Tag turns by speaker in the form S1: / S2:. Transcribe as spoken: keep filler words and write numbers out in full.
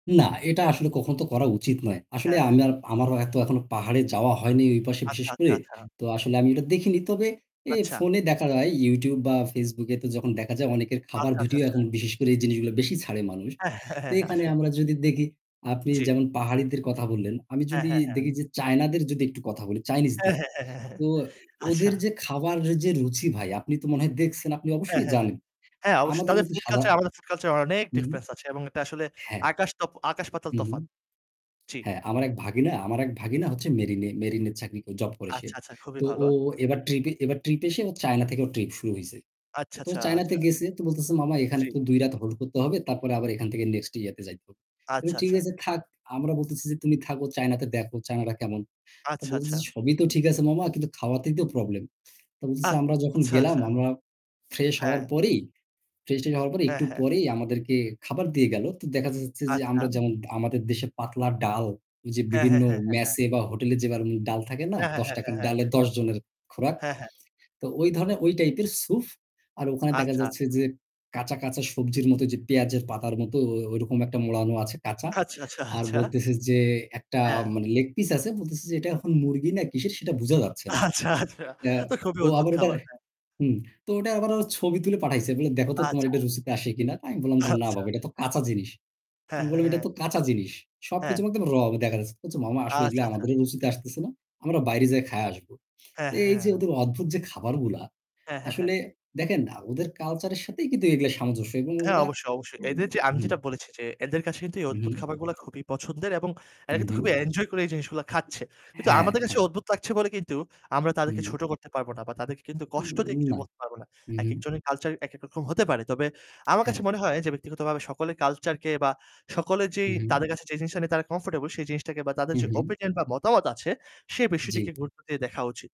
S1: না, এটা আসলে কখনো তো করা উচিত নয়। আসলে
S2: হ্যাঁ, হ্যাঁ,
S1: আমি আর,
S2: হ্যাঁ।
S1: আমারও এত এখনো পাহাড়ে যাওয়া হয় নি ওই পাশে বিশেষ
S2: আচ্ছা, আচ্ছা,
S1: করে।
S2: আচ্ছা।
S1: তো আসলে আমি এটা দেখিনি। তবে এ
S2: আচ্ছা।
S1: ফোনে দেখা যায় YouTube বা Facebook এ তো যখন দেখা যায় অনেকের খাবার
S2: আচ্ছা, আচ্ছা,
S1: ভিডিও
S2: আচ্ছা।
S1: এখন বিশেষ করে এই জিনিসগুলো বেশি ছাড়ে মানুষ।
S2: হ্যাঁ,
S1: তো
S2: হ্যাঁ, হ্যাঁ,
S1: এখানে
S2: আসলে।
S1: আমরা যদি দেখি আপনি
S2: জি।
S1: যেমন পাহাড়িদের কথা বললেন, আমি
S2: হ্যাঁ,
S1: যদি
S2: হ্যাঁ,
S1: দেখি
S2: হ্যাঁ।
S1: যে চায়নাদের যদি একটু কথা বলি
S2: হ্যাঁ,
S1: চাইনিজদের,
S2: হ্যাঁ, হ্যাঁ,
S1: তো
S2: আচ্ছা।
S1: ওদের যে খাবারের যে রুচি ভাই আপনি তো মনে হয় দেখছেন, আপনি
S2: হ্যাঁ,
S1: অবশ্যই
S2: হ্যাঁ, হ্যাঁ।
S1: জানেন।
S2: হ্যাঁ অবশ্যই
S1: আমাদের
S2: তাদের
S1: মতো
S2: food
S1: সাদা
S2: culture আমাদের food culture অনেক
S1: হুম।
S2: difference আছে এবং এটা আসলে
S1: হ্যাঁ,
S2: আকাশ তো আকাশ পাতাল
S1: হু, হু।
S2: তফাৎ। জি।
S1: হ্যাঁ, আমার এক ভাগিনা আমার এক ভাগিনা হচ্ছে মেরিনে মেরিনে চাকরি, জব করে সে।
S2: আচ্ছা, আচ্ছা খুবই
S1: তো
S2: ভালো।
S1: ও ও এবার ট্রিপে এবার ট্রিপ এসে ও চায়না থেকে ওর ট্রিপ শুরু হইছে।
S2: আচ্ছা,
S1: তো ও
S2: আচ্ছা,
S1: চায়নাতে
S2: আচ্ছা।
S1: গেছে তো বলতেছে, "মামা এখানে
S2: জি।
S1: তো দুই রাত হোল্ড করতে হবে তারপরে আবার এখান থেকে নেক্সট ইয়াতে যাইতে হবে। আমি
S2: আচ্ছা,
S1: "ঠিক
S2: আচ্ছা।
S1: আছে থাক।" আমরা বলতেছি যে, "তুমি থাকো চায়নাতে দেখও চায়নারা কেমন?" তো
S2: আচ্ছা,
S1: বলতেছে,
S2: আচ্ছা।
S1: "সবই তো ঠিক আছে মামা কিন্তু খাওয়াতেই তো প্রবলেম।" তো
S2: আ
S1: বলতেছে, "আমরা যখন
S2: আচ্ছা,
S1: গেলাম
S2: আচ্ছা।
S1: আমরা ফ্রেশ হওয়ার
S2: হ্যাঁ।
S1: পরেই, ফ্রেশ ট্রেশ হওয়ার পরে
S2: হ্যা,
S1: একটু
S2: হ্যা।
S1: পরেই আমাদেরকে খাবার দিয়ে গেল। তো দেখা যাচ্ছে যে,
S2: আচ্ছা।
S1: আমরা যেমন আমাদের দেশে পাতলা ডাল, ওই যে
S2: হ্যা, হ্যা,
S1: বিভিন্ন
S2: হ্যা, হ্যা।
S1: মেসে বা হোটেলে যেভাবে ডাল থাকে না,
S2: হ্যা, হ্যা,
S1: দশ
S2: হ্যা।
S1: টাকার
S2: হ্যা, হ্যা।
S1: ডালে দশ জনের খোরাক।
S2: হ্যা, হ্যা।
S1: তো ওই ধরনের, ওই টাইপের স্যুপ। আর ওখানে দেখা
S2: আচ্ছা।
S1: যাচ্ছে যে, কাঁচা, কাঁচা, সবজির মতো যে পেঁয়াজের পাতার মতো ও ওইরকম একটা মোড়ানো আছে কাঁচা।
S2: আচ্ছা, আচ্ছা,
S1: আর
S2: আচ্ছা।
S1: বলতেছে যে একটা
S2: হ্যা।
S1: মানে লেগ পিস আছে। বলতেছে যে এটা এখন মুরগি না কিসের সেটা বোঝা যাচ্ছে না।
S2: আচ্ছা, আচ্ছা
S1: এ্যা
S2: তো খুবই
S1: ও
S2: অদ্ভুত
S1: আবার ওটা
S2: খাবার! হ্যাঁ
S1: হুম, তো ওটা আবার ও ছবি তুলে পাঠাইছে। বলে, "দেখো তো তোমার
S2: আচ্ছা।
S1: এটা রুচিতে আসে কিনা?" আমি বললাম যে, "না
S2: আচ্ছা।
S1: বাবা এটা তো কাঁচা জিনিস।"
S2: হ্যা,
S1: আমি
S2: হ্যা,
S1: বললাম, "এটা
S2: হ্যা।
S1: তো কাঁচা জিনিস।"
S2: হ্যাঁ।
S1: সবকিছু মধ্যে র [unintelligible] দেখাচ্ছে। কচ্ছে "মামা আসলে
S2: আচ্ছা,
S1: এগুলা
S2: আচ্ছা।
S1: আমাদের রুচিতে আসতেছে না। আমরা বাইরে যাইয়া খাইয়া আসবো।"
S2: হ্যা,
S1: তো এই যে
S2: হ্যা।
S1: ওদের অদ্ভুত যে খাবারগুলা
S2: হ্যা, হ্যা, হ্যা।
S1: আসলে দেখেন না ওদের কালচারের সাথেই কিন্তু এগুলা সামঞ্জস্য এবং
S2: হ্যাঁ,
S1: ওরা
S2: অবশ্যই, অবশ্যই, এদের
S1: [unintelligible]
S2: যে আমি
S1: হুম।
S2: যেটা বলেছি যে, এদের কাছে কিন্তু এই অদ্ভুত
S1: হুম।
S2: খাবারগুলো খুবই পছন্দের এবং
S1: হু,
S2: এরা কিন্তু
S1: হুম।
S2: খুবই enjoy করে জিনিসগুলা খাচ্ছে। কিন্তু
S1: হ্যাঁ,
S2: আমাদের কাছে
S1: হ্যাঁ।
S2: অদ্ভুত লাগছে বলে কিন্তু আমরা তাদেরকে
S1: হুম।
S2: ছোট করতে পারব না। বা তাদেরকে কিন্তু
S1: উ,
S2: কষ্ট দিয়ে কিছু
S1: না,
S2: বলতে পারবো না।
S1: হু, হু।
S2: একেকজনের culture একেকরকম হতে পারে। তবে আমার
S1: হ্যাঁ।
S2: কাছে মনে হয় যে ব্যক্তিগতভাবে সকলের culture কে বা সকলে
S1: হু,
S2: যেই
S1: হু।
S2: তাদের কাছে যে জিনিসটা নিয়ে তারা comfortable সেই জিনিসটাকে বা তাদের
S1: হু,
S2: যে
S1: হু।
S2: opinion বা মতামত আছে সে
S1: জি।
S2: বিষয়টিকে গুরুত্ব দিয়ে দেখা উচিত।